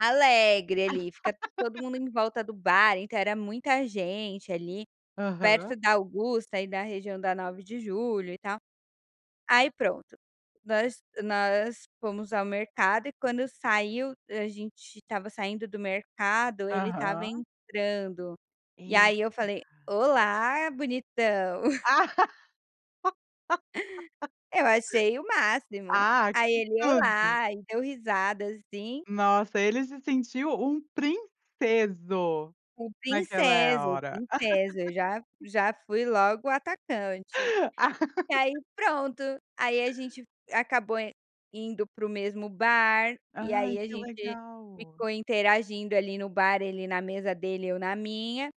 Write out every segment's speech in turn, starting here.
Alegre ali. Fica todo mundo em volta do bar, então era muita gente ali Aham. perto da Augusta, aí da região da Nove de Julho e tal. Aí, pronto, nós nós fomos ao mercado e, quando saiu, a gente estava saindo do mercado, ele estava Aham. entrando, e aí Eita. eu falei: "Olá, bonitão". Ah. Eu achei o máximo. Ah, Aí, que ele: tudo. "Olá", e deu risada assim. Nossa, ele se sentiu um "princeso", O naquela "princeso", hora. "princeso". Eu já já fui logo atacante. E aí, pronto, aí a gente acabou in indo para o mesmo bar, e aí Ai, a que gente legal. ficou interagindo ali no bar, ele na mesa dele, eu na minha.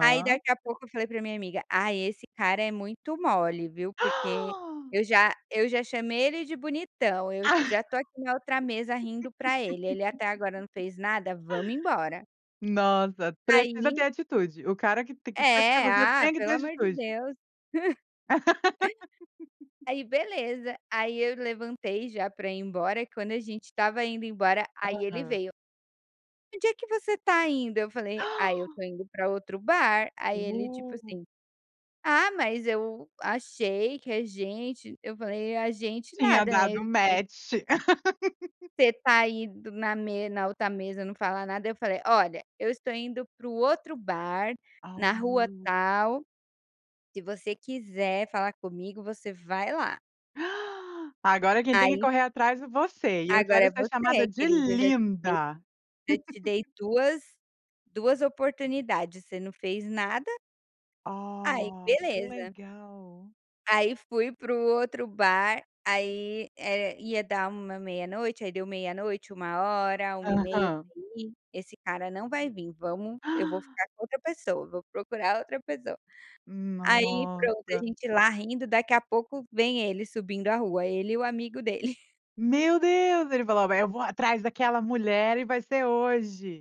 Aí, daqui a pouco, eu falei para minha amiga: "Ai, esse cara é muito mole viu, porque eu já eu já chamei ele de bonitão, eu já estou aqui na outra mesa rindo para ele, ele até agora não fez nada. Vamos embora". Nossa, precisa Aí ter atitude, o cara q t que quer ter É, você ah, tem que pelo ter amor de atitude. Deus. Aí, beleza, aí eu levantei já para ir embora. Quando a gente estava indo embora, aí ele Aham. veio. "Onde é que você está indo?", eu falei: "Ai, eu estou indo para outro bar." Aí ele, tipo Uh. assim: "Ah, mas eu achei que a gente", eu falei: "A gente Tinha nada.", né, dado [unintelligible] match. "você está aí do na me na outra mesa, não fala nada", aí eu falei: "Olha, eu estou indo para o outro bar, na rua Ao. tal. Se você quiser falar comigo, você vai lá". "Agora quem tem que Aí correr atrás é você, e eu Agora quero é ser chamada você, de querido. Eu já te dei, 'linda'." já te dei duas duas oportunidades. Você não fez nada. Aí, Oh, que beleza. legal. Aí, fui para o outro bar. Aí, eh, ia dar uma meia-noite aí deu meia-noite, 1h, 1:30,, eu Aham. falei: "Ih, esse cara não vai vim. Vamos eu vou ficar com outra pessoa, vou procurar outra pessoa". Aí, pronto, a Nossa! gente lá rindo, daqui a pouco vem ele subindo a rua, ele e o amigo dele. Meu Deus, ele falou: "Eu vou atrás daquela mulher e vai ser hoje!".